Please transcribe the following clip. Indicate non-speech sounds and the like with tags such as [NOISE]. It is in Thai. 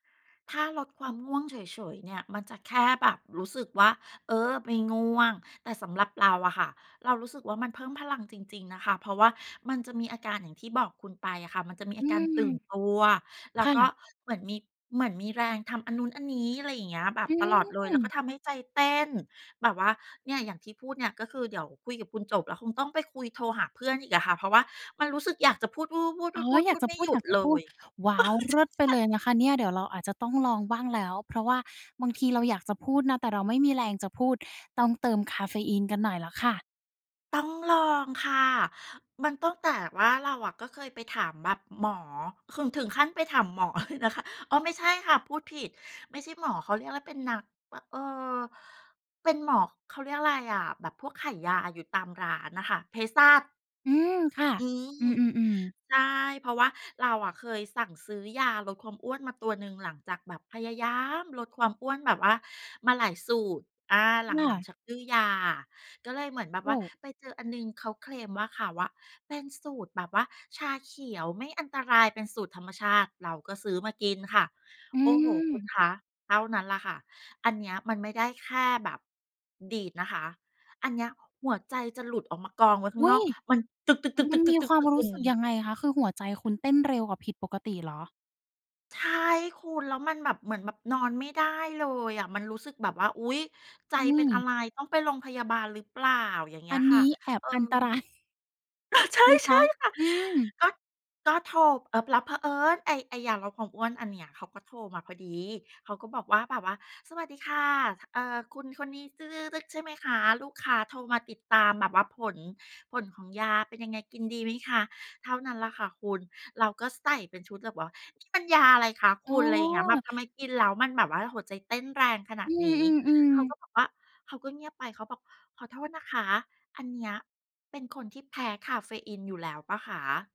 ถ้าลดความง่วงเฉย ๆ เนี่ย มันจะแค่แบบรู้สึกว่า เออ ไม่ง่วง แต่สำหรับเราอะค่ะ เรารู้สึกว่า มันเพิ่มพลังจริง ๆ นะคะ เพราะว่ามันจะมีอาการอย่างที่บอกคุณไปอะค่ะ มันจะมีอือาการตอ ื่นตัว แลค้ว่ก็ะ เหมือนมี เหมือนมีแรงทำอันนู้นอันนี้ อะไรอย่างเงี้ย แบบอตลอดเลย ืแล้วก็อ ทำให้ใจเต้นแบบว่า เนี่ยอย่างที่พูดเนี่ย ก็คือเดี๋ยวคุยกับคุณจบ แล้วคงต้องไปคุย โทรหาเพื่อนอีกอะค่ะ เพราะว่ามันรู้สึกอยากจะพูด ๆ อๆ ๋อ ๆ ๆ ๆ อพยาูกดจะไมพู่หด ยุอยดากจะเลพูด ย ว้าว เริ่ดไปเออ ใช่ เลๆ ยนะคะเนี่ย เดี๋ยวเราอาจจะต้องลองบ้างแล้ว เพราะว่าบางทีเราอยากจะพูดนะ แต่เราไม่มีแรงจะพูดต้องเติมคาเฟอีนกันหน่อยแล้วค่ะ ต้องลองค่ะ มันต้อง แต่ว่าเราอะก็เคยไปถามแบบหมอ ขึง ถึงขั้นไปถามหมอเลยนะคะ อ๋อ ไม่ใช่ค่ะ พูดผิดไม่ใช่หมอ เขาเรียกว่าเป็นนัก เอ่อ เป็นหมอ เขาเรียกอะไรอะ แบบพวกขายยาอยู่ตามร้านน่ะค่ะ เภสัช อืมค่ะ อือืม ม ๆ ๆ ใช่ เพราะว่าเราอะเคยสั่งซื้อยาลดความอ้วนมาตัวหนึ่ง หลังจากแบบพยายามลดความอ้วนแบบว่ามาหลายสูตร อา หคล่ัง ะ ๆ ชักดื้อยา ก็เลยเหมือนแบบโอว่้ าไปเจออันหนึ่งเขาเคลมว่า เขาอะเป็นสูตรแบบว่าชาเขียวไม่อันตรายเป็นสูตรธรรมชาติ เราก็ซื้อมากินค่ะ อืโอ้โฮ คุอ ณคะเท่านั้นล่ะค่ะ อันเนี้ยมันไม่ได้แค่แบบดีดนะคะ อันเนี้ยหัวใจจะหลุดออกมากองไว้ข้อางุน๊อย! กมันตึก ๆ มันมีๆ คๆ ๆ วามรๆ ๆ ูอื้สึกยม ังไงคะ? คือ หัวใจคุณเต้นเร็วกว่าผิดปกติเหรอ? ใช่คุณ แล้วมันแบบ เหมือนแบบนอนไม่ได้เลยอะ มันรู้สึกแบบว่า อุ๊ย ใจอันนีเป็่ นอะไร ต้องไปโรงพยาบาลหรือเปล่า อย่างเงอี้ัยนคน่ะ ี้แอบเออ อัน ตราย [CHUCKLES] ใชนะคะ ่ ๆ ค่ะ อืม ก็ ก็โทร อึบ รับเผอิญ ไอ้ ไอ้ยาลดความอ้วนอันเนี้ยเขาก็โทรมาพอดี เขาก็บอกว่าแบบว่า "สวัสดีค่ะ ค เอ่อ คุณคนนี้จึ๊ก ๆ ๆ ๆ ใช่ไหมคะ? ลูกค้าโทรมาติดตามแบบว่าผล ผลของยาเป็นยังไงกินดีไหมคะ?" เท่านั้นล่ะค่ะคุณ เราก็ใส่เป็นชุดแบบว่า "นี่มันยาอะไรคะอคุ๋ณ?" อะไรอย่างเงี้ย "แบอ บทำไมกินแล้วมันแบบว่าหัวใจเต้นแรงขนอาืดนี้" เขอ าๆ ๆ ก็บอกว่า เขาก็เงียบไป เขาบอก "ขอโทษนะคะ อันเนี้ยเป็นคนที่แพ้คาเฟอีนอยู่แล้วเปล่าคะ?"